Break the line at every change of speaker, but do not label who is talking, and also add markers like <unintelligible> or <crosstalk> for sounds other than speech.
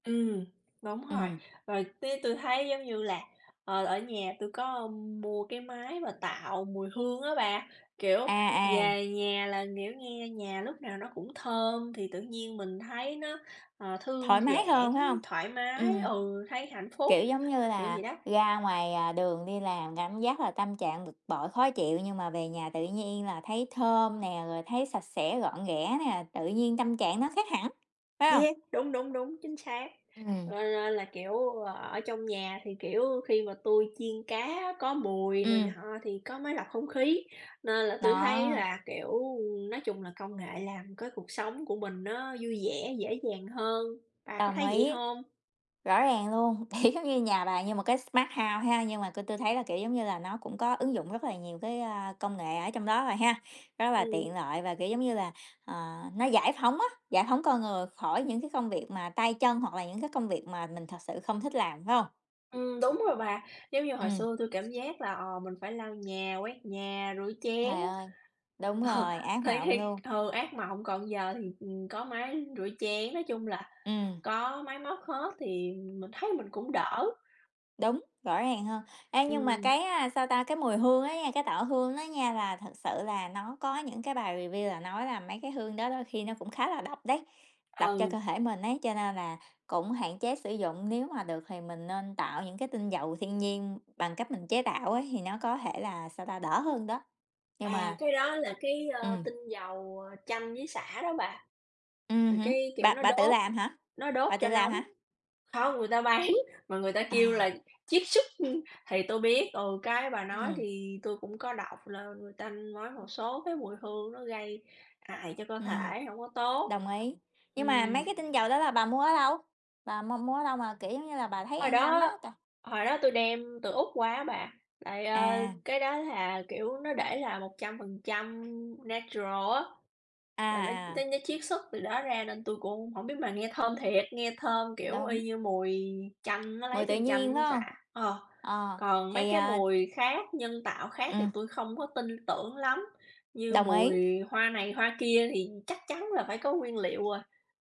Ừm, đúng rồi,
Ừm.
rồi tía tui thấy giống như là, ờ, ở nhà tui có mua cái máy mà tạo mùi hương á bà, kiểu,
À, à.
về nhà là, kiểu, nghe nhà lúc nào nó cũng thơm thì tự nhiên mình thấy nó, ờ, thư
Thoải mái
giãn,
hơn, phải hông?
thoải mái,
Ừm.
ừ, thấy hạnh phúc,
Kiểu, giống như
kiểu
là,
vậy đó.
ra ngoài, à, đường đi làm cảm giác là tâm trạng bực bội, khó chịu nhưng mà về nhà tự nhiên là thấy thơm nè, rồi thấy sạch sẽ, gọn ghẽ nè, tự nhiên tâm trạng nó khác hẳn, phải hông?
Yeah, đúng, đúng, đúng, chính xác. Cho
Ừm.
nên là, kiểu, ở trong nhà thì, kiểu, khi mà tui chiên cá có mùi này
Ừm.
nọ thì có máy lọc không khí, nên là tui thấy
Đó.
là, kiểu, nói chung là công nghệ làm cái cuộc sống của mình nó vui vẻ, dễ dàng hơn, bà có
Đồng
thấy vậy
ý.
hông?
Rõ ràng luôn, thì giống như nhà bà như một cái smart house ha, nhưng mà tôi tôi thấy là, kiểu, giống như là, nó cũng có ứng dụng rất là nhiều cái, a, công nghệ ở trong đó rồi ha, rất là
Ừm.
tiện lợi và, kiểu, giống như là, ờ, nó giải phóng á, giải phóng con người khỏi những cái công việc mà tay chân hoặc là những cái công việc mà mình thực sự không thích làm, phải hông?
Ừm, đúng rồi bà, giống như hồi
Ừm.
xưa tui cảm giác là, ờ, mình phải lau nhà, quét nhà, rửa chén.
Trời ơi, đúng
Ờ,
rồi, ác
thì
mộng
thiệt
luôn.
ừ, ác mộng, còn giờ thì, ừm, có máy rửa chén, nói chung là
Ừm.
có máy móc hết thì mình thấy mình cũng đỡ.
Đúng, rõ ràng hơn. Ê, nhưng mà cái,
Ừm.
a, sao ta, cái mùi hương á nha, cái tạo hương á nha là thực sự là nó có những cái bài review là nói là mấy cái hương đó đôi khi nó cũng khá là độc đấy, độc cho
Ừ.
cơ thể mình ấy, cho nên là cũng hạn chế sử dụng. Nếu mà được thì mình nên tạo những cái tinh dầu thiên nhiên bằng cách mình chế tạo ấy, thì nó có thể là, sao ta, đỡ hơn đó. Nhưng
À,
mà
cái đó là cái, ơ,
Ừm.
tinh dầu chanh với xả đó bà.
Ừm
Rồi
hứm,
cái, kiểu,
bà
nó
bà tự
đốt
làm hả?
nó đốt
Bà tự
cho
làm
nóng.
hả?
Không, người ta bán mà người ta kêu là
À.
chiết xuất thì tui biết, ừ, cái bà nói
Ừm.
thì tui cũng có đọc là người ta nói một số cái mùi hương nó gây hại cho cơ
Ừm,
thể, hổng có tốt.
đồng ý. Nhưng mà mấy
Ừm.
cái tinh dầu đó là bà mua ở đâu? Bà mua mua ở đâu mà, kiểu giống như là, bà thấy
Hồi
an tâm á?
đó
T
hồi đó tui đem từ Úc qua á bà, tại, ờ,
À.
cái đó là, kiểu, nó để là "100% natural" á,
À,
là nó
à.
<unintelligible> chiết xuất từ đó ra nên tui cũng hông hổng biết, mà nghe thơm thiệt, nghe thơm, kiểu,
Đúng.
y như mùi chanh, nó lấy
Mùi tự
từ chanh
nhiên, phải
với sả,
hông?
ờ.
Ờ,
Còn mấy
thì,
cái
à
mùi khác nhân tạo khác thì
Ừm.
tui không có tin tưởng lắm, như
Đồng ý.
mùi hoa này hoa kia thì chắc chắn là phải có nguyên liệu rồi.